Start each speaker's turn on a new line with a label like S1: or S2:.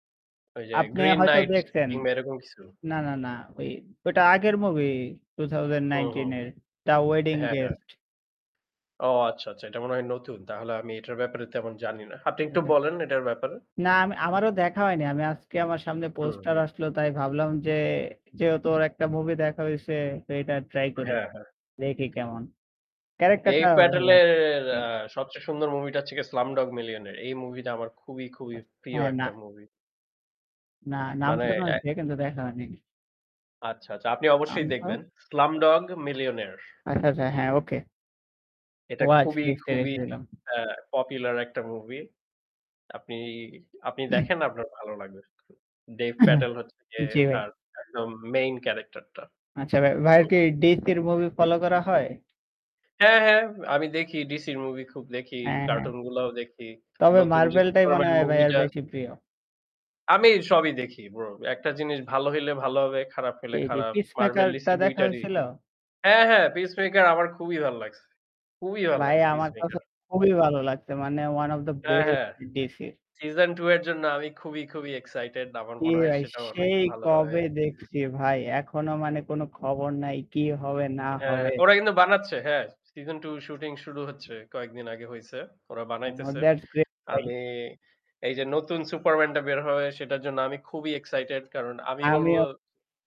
S1: ওই যে
S2: আপনি
S1: 'Green
S2: হয়তো
S1: Nights'
S2: দেখছেন
S1: কিংবা এরকম কিছু?
S2: না, না, না ঐ ঐটা আগের মুভি two thousand
S1: হুম, হুম।
S2: nineteen এর 'The Wedding
S1: হ্যাঁ, হ্যাঁ।
S2: Guest'।
S1: ও আচ্ছা, আচ্ছা। এটা মনে হয় নতুন। তাহলে আমি এটার ব্যাপারে তেমন জানি না। আপনি একটু
S2: হ্যাঁ ভাই।
S1: বলেন এটার ব্যাপারে।
S2: না আম আমারও দেখা হয়নি। আমি আজকে আমার সামনে
S1: হুম,
S2: পোস্টার
S1: হুম।
S2: আসলো, তাই ভাবলাম যে যেহেতু ওর একটা মুভি দেখা হইছে, তো এটা ট্রাই করি।
S1: হ্যাঁ, হ্যাঁ।
S2: রেটি কেমন। ক্যারাক্টার
S1: Dev
S2: টাও ভাল
S1: Patel এর
S2: লাগছে। জি।
S1: অ্যা সবচেয়ে সুন্দর মুভি টা হচ্ছে গিয়ে 'Slumdog Millionaire' এই মুভি টা আমার খুবই, খুবই প্রিয়
S2: হ্যাঁ,
S1: একটা
S2: না।
S1: মুভি।
S2: না নাম
S1: মানে
S2: শোনা
S1: অ্যা
S2: হইছে কিন্তু দেখা হয়নি।
S1: আচ্ছা, আচ্ছা। আপনি
S2: আম
S1: অবশ্যই দেখবেন।
S2: [unintelligible]
S1: 'Slumdog Millionaire'
S2: আচ্ছা, আচ্ছা,
S1: হুম।
S2: হ্যাঁ ওকে।
S1: এটা
S2: ওয়াচ
S1: খুবই,
S2: লিস্ট এ
S1: খুবই
S2: রেখে দিলাম।
S1: অ্যা পপুলার একটা মুভি। আপনি আপনি দেখেন আপনার ভালো লাগবে। Dev Patel হচ্ছে যে
S2: জি ভাই।
S1: তার একদম মেইন ক্যারাক্টার টা।
S2: আচ্ছা ভাই। ভাইয়ের
S1: হুম।
S2: কি DC র মুভি ফলো করা হয়?
S1: হ্যাঁ, হ্যাঁ। আমি দেখি DC র মুভি খুব দেখি,
S2: হ্যাঁ, হ্যাঁ।
S1: কার্টুন গুলাও দেখি।
S2: তবে
S1: নতুন যে
S2: Marvel টাই মনে
S1: 'Superman'
S2: হয়
S1: মুভি
S2: ভাইয়ের
S1: টা
S2: বেশি প্রিয়।
S1: আমি সবই দেখি ব্রো। একটা জিনিস ভালো হইলে ভালো হবে, খারাপ হলে
S2: জি, জি
S1: খারাপ। Marvel
S2: 'Peacemaker'
S1: DC
S2: টা
S1: ২
S2: দেখা
S1: টারই
S2: হইছিল?
S1: হ্যাঁ, হ্যাঁ 'Peacemaker' আমার খুবই ভাল্লাগছে খুবই
S2: ভাই
S1: ভাল্লাগছে
S2: আমার কাছে
S1: 'Peacemaker'।
S2: খুবই ভালো লাগছে। মানে ওয়ান ওব দ্যা
S1: হ্যাঁ,
S2: বেস্ট
S1: হ্যাঁ।
S2: DC র।
S1: season II এর জন্য আমি খুবই, খুবই এক্সাইটেড। আমার
S2: কি
S1: মনে হয়
S2: ভাই
S1: সেটা অনেক
S2: সেই
S1: ভালো হবে।
S2: কবে দেখছি ভাই। এখনো মানে কোন খবর নাই, কি হবে না
S1: অ্যা
S2: হবে!
S1: ওরা কিন্তু বানাচ্ছে, হ্যাঁ? season II শুটিং শুরু হচ্ছে, কয়েকদিন আগে হইছে। ওরা বানাইতেছে।
S2: [unintelligible] দ্যাটস গ্রে ভাই।
S1: আমি এই যে নতুন 'Superman' টা বের হবে সেটার জন্য আমি খুবই এক্সাইটেড। কারণ আমি
S2: আমিও।
S1: বলব